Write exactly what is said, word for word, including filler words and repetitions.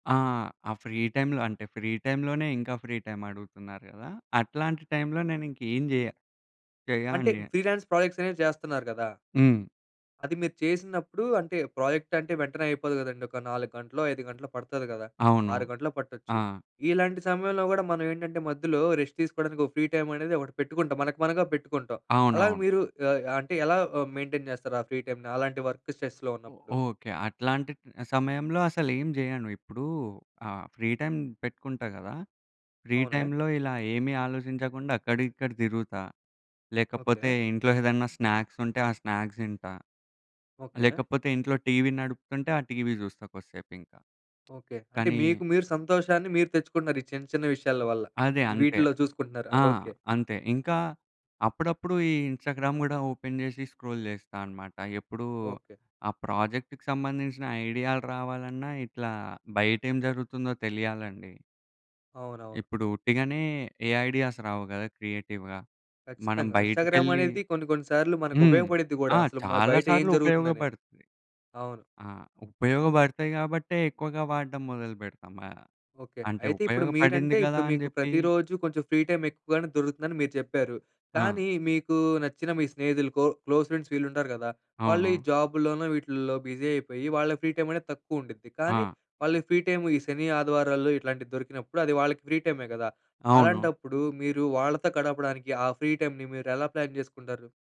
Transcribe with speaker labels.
Speaker 1: ఆ! ఆ ఫ్రీ టైమ్‌లో అంటే ఫ్రీ టైమ్‌లోనే ఇంకా ఫ్రీ టైమ్ అడుగుతున్నారు గదా? అట్లాంటి టైమ్‌లో నేనింకా ఏం జేయ్య. చేయ్య
Speaker 2: అంటే
Speaker 1: అండి.
Speaker 2: ఫ్రీలాన్స్ ప్రాజెక్ట్స్ అనేవి చేస్తున్నారు గదా!
Speaker 1: హ్మ్.
Speaker 2: అది మీరు చేసినప్పుడు, అంటే ప్రాజెక్ట్ అంటే వెంటనే అయిపోదు గదండీ. ఒక నాలుగు గంటలో, ఐదు గంటలో పడతది గదా!
Speaker 1: అవును.
Speaker 2: ఆరు గంటలు పట్టొచ్చు.
Speaker 1: ఆ!
Speaker 2: ఇలాంటి సమయంలో గూడా మనం ఏంటంటే, మధ్యలో రెస్ట్ తీసుకోవడానికి ఓ ఫ్రీ టైమ్ అనేది ఒకటి పెట్టుకుంటాం. మనకు మనగా పెట్టుకుంటాం. అలాగే
Speaker 1: అవునవును.
Speaker 2: మీరు ఆహ్, అంటే ఎలా ఆహ్, మెయింటైన్ జేస్తారు ఆ ఫ్రీ టైమ్‌ని అలాంటి వర్క్ స్ట్రెస్‌లో
Speaker 1: ఒ
Speaker 2: ఉన్నప్పుడు?
Speaker 1: ఓకే. అట్లాంటి సమయంలో అసలేం చేయను. ఇప్పుడు ఆ ఫ్రీ టైమ్ పెట్టుకుంటా గదా! ఫ్రీ
Speaker 2: అవునే?
Speaker 1: టైమ్‌లో ఇలా ఏమి ఆలోచించకుండా అక్కడిక్కడ తిరుగుతా. లేకపోతే
Speaker 2: ఓకే.
Speaker 1: ఇంట్లో ఏదైనా స్నాక్స్ ఉంటే ఆ స్నాక్స్ తింటా.
Speaker 2: ఓకే.
Speaker 1: లేకపోతే ఇంట్లో టీవీ నడుపుతుంటే, ఆ టీవీ చూస్తా కొద్దిసేపు ఇంకా.
Speaker 2: ఓకే. అంటే
Speaker 1: కానీ
Speaker 2: మీకు మీరు సంతోషాన్ని మీరు తెచ్చుకుంటున్నారు. ఈ చిన్న చిన్న విషయాల వల్ల.
Speaker 1: అదే. అంతే.
Speaker 2: వీటిలో చూసుకుంటున్నారు.
Speaker 1: ఆ!
Speaker 2: అదోకే.
Speaker 1: అంతే. ఇంకా అప్పుడప్పుడు ఈ ఇన్స్టాగ్రామ్ గూడా ఓపెన్ జేశి స్క్రోల్ చేస్తా అన్నమాట. ఎప్పుడు
Speaker 2: ఓకే.
Speaker 1: ఆ ప్రాజెక్ట్‌కి సంబంధించిన ఐడియాలు రావాలన్నా, ఇట్లా బయటేం జరుగుతుందో తెలియాలండి.
Speaker 2: అవునవును.
Speaker 1: ఇప్పుడు ఉట్టిగనే ఏ ఐడియాస్ రావు గదా! క్రియేటివ్‌గా. మనం
Speaker 2: కచ్చితంగా. ఇన్స్టాగ్రామ్
Speaker 1: బయటికెళ్ళి
Speaker 2: అనేది కొన్ని కొన్ని సార్లు మనకు
Speaker 1: హ్మ్.
Speaker 2: ఉపయోగపడిద్ది గూడా.
Speaker 1: ఆ!
Speaker 2: అసలు మ
Speaker 1: చాలా
Speaker 2: బయట ఏం
Speaker 1: సార్లు
Speaker 2: జరుగుతుందనేది.
Speaker 1: ఉపయోగపడుతది.
Speaker 2: అవును.
Speaker 1: ఆ! ఉపయోగపడతయి గాబట్టే ఎక్కువగా వాడడం మొదలుపెడతాం గదా!
Speaker 2: ఓకే.
Speaker 1: అంటే
Speaker 2: అయితే, ఇప్పుడు మీరంటే
Speaker 1: ఉపయోగపడింది
Speaker 2: ఇప్పుడు
Speaker 1: గదా! అని
Speaker 2: మీకు
Speaker 1: జెప్పి
Speaker 2: ప్రతిరోజు కొంచెం ఫ్రీ టైం ఎక్కువగానే దొరుకుతుందని మీరు జేప్పారు.
Speaker 1: ఆ!
Speaker 2: కానీ మీకు నచ్చిన మీ స్నేహితులు, కో క్లోజ్ ఫ్రెండ్స్ వీళ్ళు ఉంటారు గదా! వాళ్ళు ఈ
Speaker 1: అవును.
Speaker 2: జాబులోనో, వీటిల్లో బిజీ అయిపోయి వాళ్ళ ఫ్రీ టైమ్ అనేది తక్కువ ఉంటుంది. కానీ
Speaker 1: ఆ!
Speaker 2: వాళ్ళు ఫ్రీ టైమ్ ఈ శని, ఆదివారాల్లో ఇట్లాంటివి దొరికినప్పుడు అది వాళ్ళకి ఫ్రీ టైమే గదా!
Speaker 1: అవును.
Speaker 2: అలాంటప్పుడు మీరు వాళ్ళతో గడపడానికి ఆ ఫ్రీ టైమ్ ని మీరు ఎలా ప్లాన్ చేసుకుంటారు?